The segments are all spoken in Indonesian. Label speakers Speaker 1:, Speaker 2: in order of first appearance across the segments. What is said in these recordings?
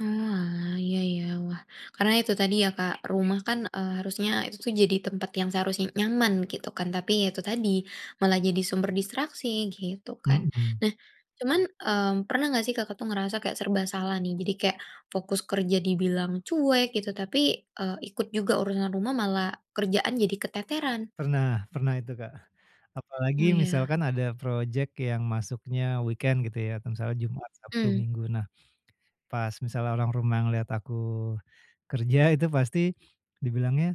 Speaker 1: Oalah, iya iya, wah, karena itu tadi ya Kak, rumah kan, eee, harusnya itu jadi tempat yang seharusnya nyaman gitu kan. Tapi ya itu tadi, malah jadi sumber distraksi gitu kan.
Speaker 2: Mhm.
Speaker 1: Nah, cuman, mmm, pernah nggak sih Kakak tuh ngerasa kayak serba salah nih, jadi kayak fokus kerja dibilang cuek gitu, tapi, eee, ikut juga urusan rumah malah kerjaan jadi keteteran?
Speaker 2: Pernah, pernah itu Kak. Apalagi
Speaker 1: Oh, iya.
Speaker 2: misalkan ada projek yang masuknya weekend gitu ya, kayak misalnya Jumat, Sabtu,
Speaker 1: Mmm.
Speaker 2: Minggu. Nah, pas misalnya orang rumah ngelihat aku kerja itu pasti dibilangnya,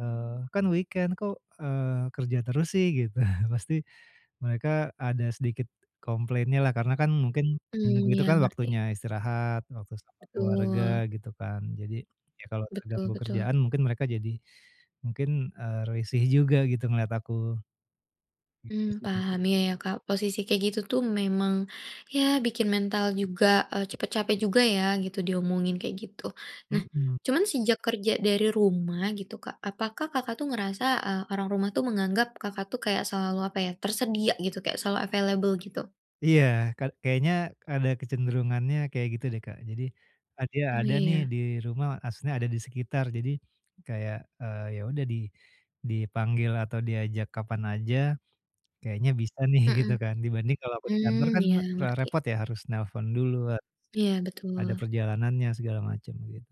Speaker 2: eee, "Kan weekend, kok, eee, kerja terus sih?" Gitu. Pasti mereka ada sedikit komplainnya lah, karena kan mungkin Minggu
Speaker 1: Mmm,
Speaker 2: itu
Speaker 1: iya,
Speaker 2: kan
Speaker 1: ngerti.
Speaker 2: waktunya istirahat, waktu sama keluarga
Speaker 1: Betul.
Speaker 2: gitu kan. Jadi, ya kalau
Speaker 1: Betul
Speaker 2: terganggu
Speaker 1: betul.
Speaker 2: kerjaan mungkin mereka jadi mungkin, eee, risih juga gitu ngelihat aku. Gitu
Speaker 1: Mmm,
Speaker 2: sih Kak.
Speaker 1: paham, iya, ya, Kak, posisi kayak gitu tuh memang, ya bikin mental juga, eee, cepat capek juga ya gitu diomongin kayak gitu. Nah,
Speaker 2: Mhm.
Speaker 1: cuman sejak kerja dari rumah gitu Kak, apakah Kakak tuh ngerasa, eee, orang rumah tuh menganggap Kakak tuh kayak selalu, apa ya, tersedia gitu, kayak selalu available gitu?
Speaker 2: Iya, ka kayaknya ada kecenderungannya kayak gitu deh Kak. Jadi, eee, "Dia
Speaker 1: Oh,
Speaker 2: ada nih
Speaker 1: iya.
Speaker 2: di rumah," maksudnya ada di sekitar jadi, kayak, eee, yaudah di dipanggil atau diajak kapan aja, kayaknya bisa nih, gitu
Speaker 1: Mhm,
Speaker 2: kan, dibanding kalau aku di kantor
Speaker 1: mmm,
Speaker 2: kan
Speaker 1: ya,
Speaker 2: re
Speaker 1: ngerti.
Speaker 2: repot ya harus nelepon dulu, harus
Speaker 1: Iya,
Speaker 2: ada
Speaker 1: betul.
Speaker 2: perjalanannya, segala macam, gitu.